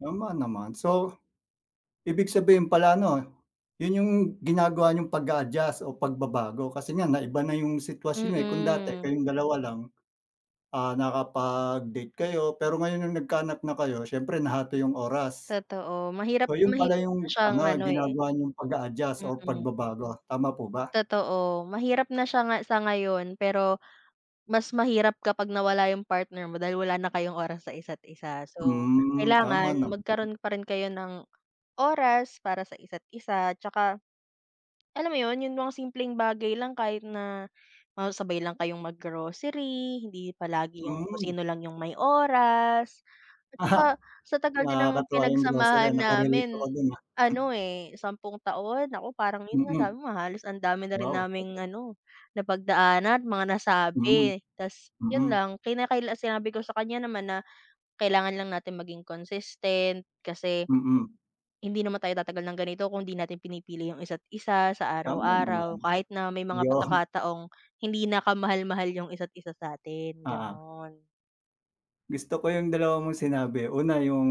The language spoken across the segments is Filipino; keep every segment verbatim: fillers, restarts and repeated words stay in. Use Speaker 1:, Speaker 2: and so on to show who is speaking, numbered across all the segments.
Speaker 1: Tama naman so ibig sabihin pala 'no yun yung ginagawa niyong pag-a-adjust o pagbabago kasi nga naiba na yung sitwasyon eh kung dati
Speaker 2: Mm.
Speaker 1: kayong dalawa lang ah nakapag-date kayo pero ngayon yung nagkaanak na kayo, siyempre nahati yung oras.
Speaker 2: Totoo. Mahirap
Speaker 1: So yun pala
Speaker 2: mahirap na
Speaker 1: yung
Speaker 2: siyang
Speaker 1: ano
Speaker 2: ano eh.
Speaker 1: ginagawa niyong pag-a-adjust or
Speaker 2: Mm.
Speaker 1: pagbabago. Tama po ba?
Speaker 2: Totoo. Mahirap na siya nga sa ngayon pero mas mahirap kapag nawala yung partner mo dahil wala na kayong oras sa isa't isa so
Speaker 1: Hmm, tama
Speaker 2: kailangan
Speaker 1: naman.
Speaker 2: magkaroon pa rin kayo ng oras para sa isa't isa. Tsaka alam mo yun yung mga simpleng bagay lang, kahit na magsabay lang kayong mag-grocery, hindi palagi yung kung
Speaker 1: Hmm.
Speaker 2: sino lang yung may oras at tsaka
Speaker 1: Ah
Speaker 2: sa tagal din ng
Speaker 1: nakakatuwa yung grocery,
Speaker 2: pinagsamahan
Speaker 1: naka-relate ako
Speaker 2: namin
Speaker 1: dun, ah.
Speaker 2: ano eh sampung taon. Naku parang yun nga
Speaker 1: Mm.
Speaker 2: sabi mo halos ang dami na rin
Speaker 1: Wow
Speaker 2: naming
Speaker 1: tagal.
Speaker 2: ano napagdaana't mga
Speaker 1: Mhm,
Speaker 2: nasabi 'tas yun
Speaker 1: mm.
Speaker 2: lang. Kinakaila sinabi ko sa kanya naman na kailangan lang natin maging consistent kasi
Speaker 1: Mm.
Speaker 2: hindi naman tayo tatagal ng ganito kung 'di natin pinipili yung isa't isa sa
Speaker 1: Tama
Speaker 2: araw-araw
Speaker 1: naman,
Speaker 2: kahit na may mga
Speaker 1: yun.
Speaker 2: pagkakataong hindi na ka-mahal-mahal yung isa't isa sa 'tin,
Speaker 1: Oo.
Speaker 2: ganon.
Speaker 1: Gusto ko yung dalawa mong sinabi. Una, yung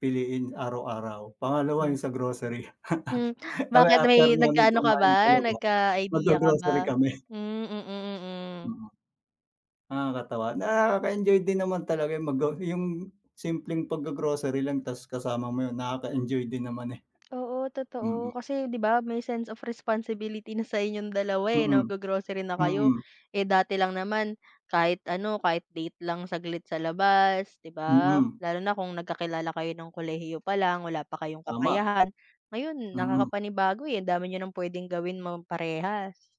Speaker 1: piliin araw-araw. Pangalawa,
Speaker 2: Mm.
Speaker 1: yung sa grocery.
Speaker 2: Hmm,
Speaker 1: Kasi
Speaker 2: bakit?
Speaker 1: after
Speaker 2: May
Speaker 1: namin
Speaker 2: nagkaano ka
Speaker 1: kumain sa
Speaker 2: ba?
Speaker 1: labas,
Speaker 2: Nagka-idea ka ba?
Speaker 1: mag-gro-grocery kami.
Speaker 2: Hmm, mm, mm.
Speaker 1: Mm Nakakatawa. Nakaka-enjoy din naman talaga eh mag-go yung simpleng pag-gro-grocery lang tas kasama mo yun, nakaka-enjoy din naman eh.
Speaker 2: Oo totoo
Speaker 1: Mm.
Speaker 2: kasi 'di ba may sense of responsibility na sa inyong dalawa eh
Speaker 1: Mm,
Speaker 2: nag-gro-grocery na kayo
Speaker 1: mm.
Speaker 2: eh dati lang naman kahit ano kahit date lang saglit sa labas, 'di ba.
Speaker 1: Mm.
Speaker 2: Lalo na kung nagkakilala kayo nung kolehiyo pa lang, wala pa kayong
Speaker 1: Tama.
Speaker 2: kakayahan ngayon
Speaker 1: Mhm.
Speaker 2: nakakapanibago eh andami niyo ng pwedeng gawin mo parehas